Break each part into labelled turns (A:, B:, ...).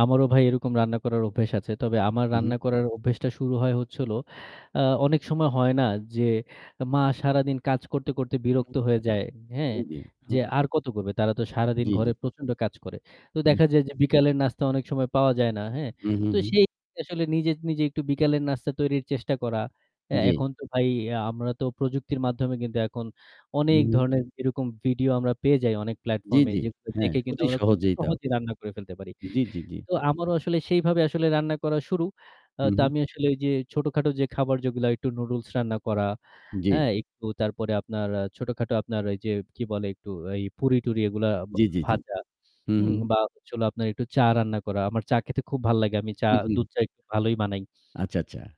A: আমারও ভাই এরকম রান্না করার অভ্যেস আছে। তবে আমার
B: উহু।
A: রান্না করার অভ্যেসটা শুরু হয় হচ্ছিলো, আ অনেক সময় হয় না যে মা সারাদিন কাজ করতে, করতে বিরক্ত হয়ে যায়, হ্যাঁ?
B: উ
A: যে
B: [unintelligible]
A: আর কত করবে। তারা তো সারাদিন
B: জি, জি।
A: ঘরে প্রচণ্ড কাজ করে। তো দেখা
B: [unintelligible]
A: যায় যে বিকেলের নাস্তা অনেক সময় পাওয়া যায় না, হ্যাঁ?
B: উহু,
A: তো
B: হু।
A: সেই আসলে নিজে, নিজে একটু বিকেলের নাস্তা তৈরির চেষ্টা করা। অ্যা
B: জি।
A: এখন তো ভাই ইয়া আমরা তো প্রযুক্তির মাধ্যমে কিন্তু এখন অনেক
B: উ
A: ধরনের এরকম ভিডিও আমরা পেয়ে যাই অনেক
B: জি,
A: প্ল্যাটফর্মে
B: জি।
A: যেগুলো
B: হ্যাঁ,
A: দেখে কিন্তু
B: অতি
A: আমরা খুব
B: সহজেই তাও।
A: সহজেই রান্না করে ফেলতে পারি।
B: জি, জি, জি।
A: তো আমারও আসলে সেইভাবে আসলে রান্না করা শুরু। আ
B: হু,
A: তো
B: হু।
A: আমি আসলে ঐযে ছোটখাটো যে খাবার যেগুলা একটু নুডুলস রান্না করা,
B: জি।
A: হ্যাঁ? একটু তারপরে আপনার অ্যা ছোটখাটো আপনার ওই যে কি বলে একটু এই পুরি-টুরি এগুলা বা
B: জি, জি, জি।
A: ভাজা,
B: হু, হু।
A: হুম, বা হচ্ছিলো আপনার একটু চা রান্না করা। আমার চা খেতে খুব ভাল লাগে। আমি চা, দুধ
B: উহু।
A: চা একটু ভালোই বানাই।
B: আচ্ছা, আচ্ছা।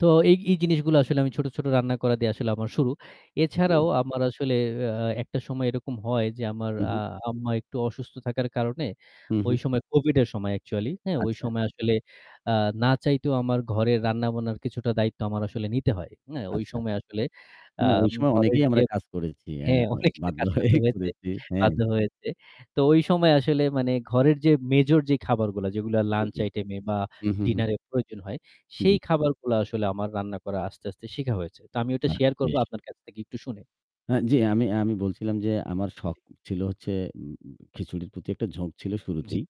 A: তো এই, এই জিনিসগুলা আসলে আমি ছোট, ছোট রান্না করা দিয়ে আসলে আমার শুরু। এছাড়াও
B: জি।
A: আমার আসলে অ্যা একটা সময় এরকম হয় যে আমার আ
B: উহু।
A: আম্মা একটু অসুস্থ থাকার কারণে
B: হু,
A: ওই
B: হু।
A: সময় কোভিডের সময় একচুয়ালি, হ্যাঁ? ওই
B: আচ্ছা।
A: সময় আসলে, আ না চাইতেও আমার ঘরের রান্না-বানার কিছুটা দায়িত্ব আমার আসলে নিতে হয়। হ্যাঁ, ওই
B: আচ্ছা।
A: সময় আসলে,
B: না, ওই
A: আম
B: সময়
A: ঘরের
B: অনেকেই
A: যে
B: আমরা কাজ করেছি অ্যা
A: হ্যাঁ,
B: আউ
A: অনেকেরই
B: বাধ্য
A: কাজ করতে
B: হয়েই
A: হয়েছে
B: করেছি।
A: বাধ্য হয়েছে। তো ওই সময় আসলে মানে ঘরের যে মেজর যেই খাবারগুলা যেগুলা
B: জি,
A: লাঞ্চ
B: জি।
A: আইটেমে বা
B: উহু, হু।
A: ডিনারে প্রয়োজন হয় সেই
B: জি।
A: খাবারগুলা আসলে আমার রান্না করা আস্তে, আস্তে শেখা হয়েছে। তো আমি ওটা
B: বাহ!
A: শেয়ার করব
B: বেশ!
A: আপনার কাছ থেকে একটু শুনে।
B: অ্যা জি। আমি আমি বলছিলাম যে আমার শখ
A: জি।
B: ছিলো হচ্ছে উম খিচুড়ির প্রতি একটা ঝোঁক ছিল
A: জি,
B: শুরুতেই।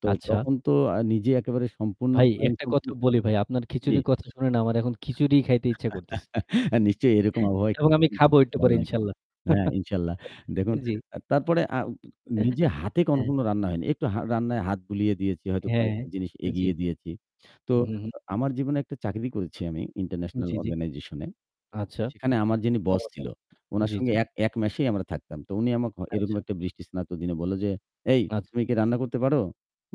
B: তো
A: আচ্ছা।
B: তখন তো আ নিজে একেবারে সম্পূর্ণ
A: ভাই একটা কথা
B: স্বয়ংসম্পূর্ণ
A: বলি ভাই, আপনার
B: জি।
A: খিচুড়ির কথা শুনে না আমার এখন খিচুড়িই খাইতে ইচ্ছা করতেছে
B: আ নিশ্চয়ই এরকম আবহাওয়ায়
A: এবং আমি
B: খিচুড়ি
A: খাবো
B: কিন্তু
A: একটু
B: ভালো
A: পরে
B: লাগে।
A: ইনশাল্লাহ।
B: হ্যাঁ, ইনশাল্লাহ। দেখুন,
A: জি।
B: আ তারপরে আ নিজে হাতে
A: অ্যা
B: কখনো রান্না হয়নি। একটু হা রান্নায় হাত বুলিয়ে দিয়েছি। হয়তো
A: হ্যাঁ,
B: কয়েকটা জিনিস
A: জি।
B: এগিয়ে দিয়েছি। তো
A: হু, হু।
B: আ আমার জীবনে একটা চাকরি করেছি আমি International
A: জি, জি।
B: Organization-এ।
A: আচ্ছা
B: সেখানে আমার যিনি boss ছিল,
A: চমৎকার!
B: উনার
A: জি, জি।
B: সঙ্গে এক, এক মেসেই আমরা থাকতাম। তো উনি আমাকে হ এরকম
A: আচ্ছা।
B: একটা বৃষ্টিস্নাত দিনে বলল যে, "এই,
A: আচ্ছা।
B: তুমি কি রান্না করতে পারো?"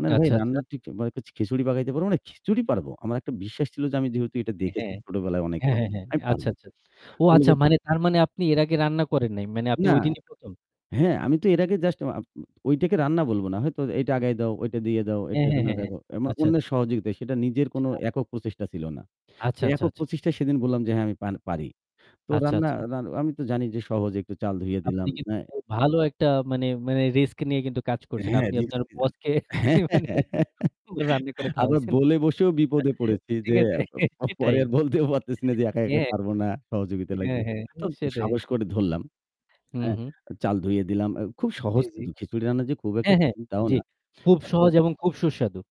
B: না, না ভাই
A: আচ্ছা,
B: রান্না
A: আচ্ছা।
B: ঠিক মানে খি খিচুড়ি পাকাইতে পারো? মানে খিচুড়ি পারবো। আমার একটা বিশ্বাস ছিল যে আমি যেহেতু এটা দেখেছি
A: হ্যাঁ।
B: ছোটবেলায়
A: হ্যাঁ,
B: অনেকবার,
A: হ্যাঁ, হ্যাঁ।
B: আমি
A: আচ্ছা,
B: পারবো।
A: আচ্ছা। ও
B: তো বলল
A: আচ্ছা,
B: যে
A: মানে তার মানে আপনি এর আগে রান্না করেন নাই। মানে আপনি
B: না
A: ওইদিনই ১ম?
B: হ্যাঁ, আমি তো এর আগে just উ আ ওইটাকে রান্না বলবো না। হয়তো এইটা আগায় দাও, ওইটা দিয়ে দাও, এইটা
A: হ্যাঁ, হ্যাঁ,
B: এখানে
A: হ্যাঁ।
B: রাখো। এমন
A: আচ্ছা, আচ্ছা।
B: অন্যের সহযোগিতা। সেটা নিজের কোনো
A: আচ্ছা।
B: একক প্রচেষ্টা ছিল না। তো
A: আচ্ছা, আচ্ছা,
B: একক
A: আচ্ছা।
B: প্রচেষ্টায় সেদিন বললাম যে হ্যাঁ, "আমি পান পারি।" তো
A: আচ্ছা,
B: রান্না,
A: আচ্ছা।
B: রা আমি তো জানি যে সহজ একটু চাল ধুয়ে
A: আপনি
B: দিলাম।
A: কিন্তু
B: অ্যা
A: ভালো একটা মানে, মানে রিস্ক নিয়ে কিন্তু কাজ
B: অ্যা
A: করছেন।
B: হ্যাঁ,
A: আপনি
B: রিস্ক
A: আপনার
B: নিলাম।
A: বসকে মানে রান্না করে
B: আবার
A: খাওয়াইছেন।
B: বলে বসেও বিপদে পড়েছি
A: ঠিক
B: যে
A: আছে,
B: অ্যা প পরে
A: সেটাই।
B: আর বলতেও পারতেছি না যে একা,
A: ইয়ে
B: একা পারবো না, সহযোগিতা
A: হ্যাঁ,
B: লাগবে।
A: হ্যাঁ,
B: তো ত
A: সেটাই।
B: সাহস করে ধরলাম।
A: হু,
B: অ্যা
A: হু।
B: চাল ধুয়ে দিলাম। অ্যা খুব
A: জি,
B: সহজ
A: জি।
B: কিন্তু খিচুড়ি রান্না যে খুব একটা
A: হ্যাঁ, হ্যাঁ,
B: কঠিন তাও
A: জি।
B: না।
A: খুব
B: আ তো
A: সহজ এবং খুব সুস্বাদু।